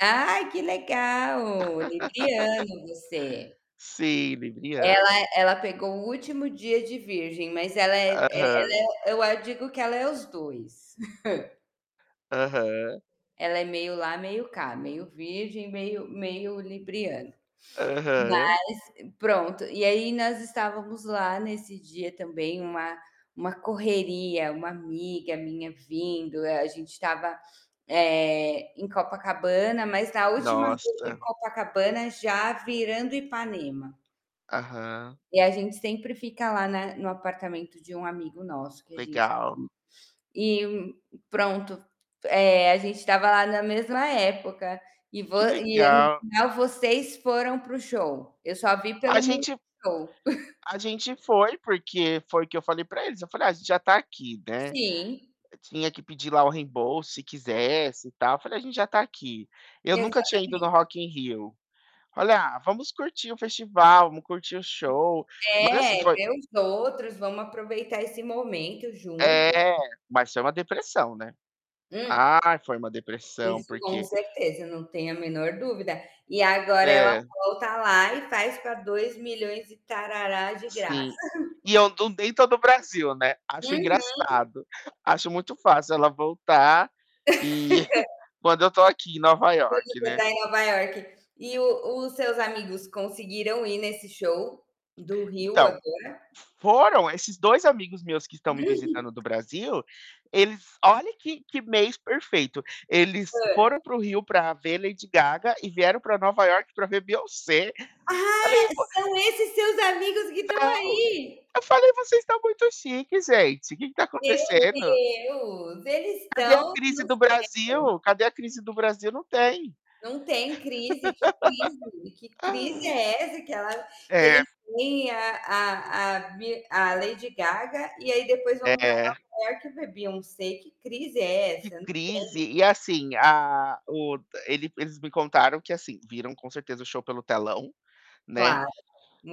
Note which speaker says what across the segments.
Speaker 1: Ai, que legal! Libriano você.
Speaker 2: Sim, libriano.
Speaker 1: Ela ela pegou o último dia de virgem, mas ela é é
Speaker 2: Aham.
Speaker 1: ela é eu a digo que ela é os 2.
Speaker 2: Aham.
Speaker 1: Ela é meio lá, meio cá, meio virgem, meio meio libriana. Mas,
Speaker 2: Aham.
Speaker 1: pronto, e aí nós estávamos lá nesse dia também, uma uma correria, uma amiga minha vindo. A a gente estava, eh, em Copacabana, mas na última rua de
Speaker 2: Nossa.
Speaker 1: Copacabana já virando Ipanema.
Speaker 2: Aham.
Speaker 1: E a gente sempre fica lá na no apartamento de um amigo nosso que a gente tem.
Speaker 2: Legal.
Speaker 1: E, pronto, eh, a gente estava lá na mesma época, e vo
Speaker 2: Que
Speaker 1: e no
Speaker 2: legal.
Speaker 1: final vocês foram para o show? Eu só vi pelo
Speaker 2: A gente
Speaker 1: Multishow.
Speaker 2: A gente foi porque foi o que eu falei para eles, eu falei: "Ah, a gente já está aqui, né".
Speaker 1: Sim.
Speaker 2: Tinha que pedir lá o reembolso se quisesse e tal. Eu falei: "A gente já está aqui". Eu nunca tinha ido
Speaker 1: Exatamente.
Speaker 2: no Rock in Rio, olha: "Ah, vamos curtir o festival, vamos curtir o show". Mas
Speaker 1: É,
Speaker 2: assim, foi
Speaker 1: vê os outros, vamos aproveitar esse momento junto.
Speaker 2: É, mas foi uma depressão, né.
Speaker 1: Hum.
Speaker 2: Ah, foi uma depressão,
Speaker 1: Isso com
Speaker 2: porque
Speaker 1: certeza, não tenho a menor dúvida. E agora ela
Speaker 2: É.
Speaker 1: volta lá e faz para dois milhões e tarará de graça.
Speaker 2: Sim. E eu du nem tô Brasil, né. Acho
Speaker 1: Uhum.
Speaker 2: engraçado. Acho muito fácil ela voltar e quando eu estou aqui em Nova
Speaker 1: Pois
Speaker 2: Iorque,
Speaker 1: você
Speaker 2: né.
Speaker 1: tá em Nova Iorque. E o os seus amigos conseguiram ir nesse show, do Rio
Speaker 2: Então,
Speaker 1: agora?
Speaker 2: fo foram. Esses 2 amigos meus que estão me visitando do
Speaker 1: [unintelligible]
Speaker 2: Brasil, eles olha que que mês perfeito, eles foram
Speaker 1: Hã.
Speaker 2: para o Rio para ver Lady Gaga e vieram para Nova Iorque para ver Beyoncé.
Speaker 1: Ah!
Speaker 2: Falei: "Pô"
Speaker 1: São esses seus amigos que estão
Speaker 2: São.
Speaker 1: aí?
Speaker 2: Eu falei: "Vocês estão muito chiques, gente. Que que está
Speaker 1: Meu
Speaker 2: acontecendo?"
Speaker 1: Deus! Eles
Speaker 2: Cadê a
Speaker 1: estão
Speaker 2: crise
Speaker 1: no
Speaker 2: do
Speaker 1: céu.
Speaker 2: Brasil? Cadê a crise do Brasil? Não tem.
Speaker 1: Não tem crise, que crise? Que crise é essa que ela que
Speaker 2: É.
Speaker 1: eles têm a a a Be a Lady Gaga, e aí depois vão pra
Speaker 2: É.
Speaker 1: Nova Iorque ver Beyoncé. Que crise é
Speaker 2: Que
Speaker 1: essa? Não tem.
Speaker 2: crise? E assim, a o ele eles me contaram que, assim, viram com certeza o show pelo telão, né.
Speaker 1: Claro,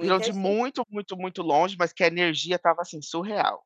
Speaker 2: Viram de
Speaker 1: gen
Speaker 2: muito, muito, muito longe, mas que a energia estava assim, surreal.